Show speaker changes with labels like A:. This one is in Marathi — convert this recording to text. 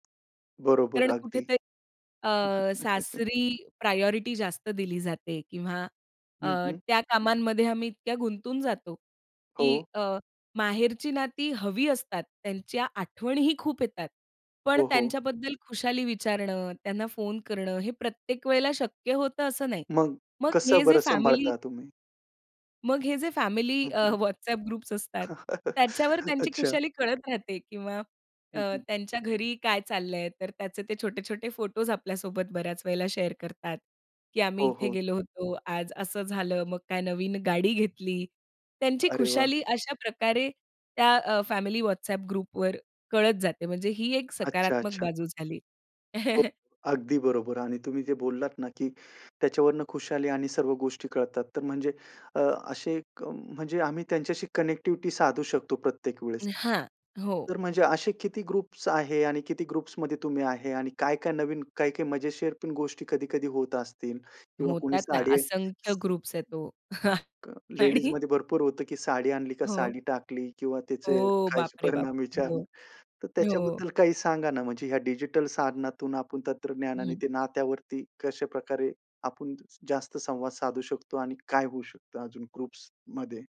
A: बरोबर
B: कारण
A: अगदी.
B: कुठेतरी अ, सासरी प्रायोरिटी जास्त दिली जाते किंवा अ,
A: हं, हं.
B: त्या कामांमध्ये आम्ही इतक्या गुंतून जातो की
A: हो.
B: अ, माहेरची नाती हवी असतात. त्यांच्या आठवणीही खूप येतात. पण
A: हो, हो.
B: त्यांच्याबद्दल खुशाली विचारणं, त्यांना फोन करणं हे प्रत्येक वेळेला शक्य होतं असं नाही.
A: मग
B: मग हे
A: कसं
B: जे
A: बरं
B: फॅमिली
A: सांभाळता तुम्ही?
B: मग हे जे फॅमिली
A: हं,
B: अ,
A: हं.
B: WhatsApp ग्रुप्स असतात त्याच्यावर त्यांची
A: अच्छा.
B: खुशाली कळत राहते किंवा अ,
A: हं, हं.
B: त्यांच्या घरी काय चाललंय. तर त्याचे ते छोटे-छोटे फोटोस आपल्यासोबत बऱ्याच वेळेला शेअर करतात की आम्ही
A: हो,
B: इथे
A: हो.
B: गेलो होतो, आज असं झालं, मग काय नवीन गाडी घेतली. त्यांची
A: अरे वाह!
B: खुशाली अशा प्रकारे त्या अ, फॅमिली WhatsApp ग्रुपवर कळत जाते. म्हणजे ही एक
A: अच्छा,
B: सकारात्मक
A: अच्छा.
B: बाजू झाली.
A: हो. अगदी बरोबर आणि तुम्ही जे बोललात ना की त्याच्यावरून खुशाली आणि सर्व गोष्टी कळतात तर म्हणजे अ, असे क म्हणजे आम्ही त्यांच्याशी कनेक्टिव्हिटी साधू शकतो प्रत्येक वेळेस.
B: हां. हो.
A: तर म्हणजे असे किती ग्रुप्स आहे? आणि किती ग्रुप्समध्ये तुम्ही आहे? आणि काय-काय नवीन काय-काय मजेशीर पण गोष्टी कधी-कधी होत असतील किंवा कोणी
B: होतात ना
A: साडी
B: असंख्य ग्रुप्स आहेत तो. आणि
A: लेडीजमध्ये भरपूर होतं की साडी आणली का
B: हो.
A: साडी टाकली किंवा त्याचे
B: ओ.
A: काहीच
B: बाप रे बाप!
A: परिणाम विचार
B: हो,
A: तर
B: हो.
A: त्याच्याबद्दल काही सांगा ना म्हणजे ह्या डिजिटल साधनातून आपण तंत्रज्ञानाने
B: हं.
A: ते नात्यावरती कशा प्रकारे आपण जास्त संवाद साधू शकतो आणि काय होऊ शकतं अजून ग्रुप्समध्ये?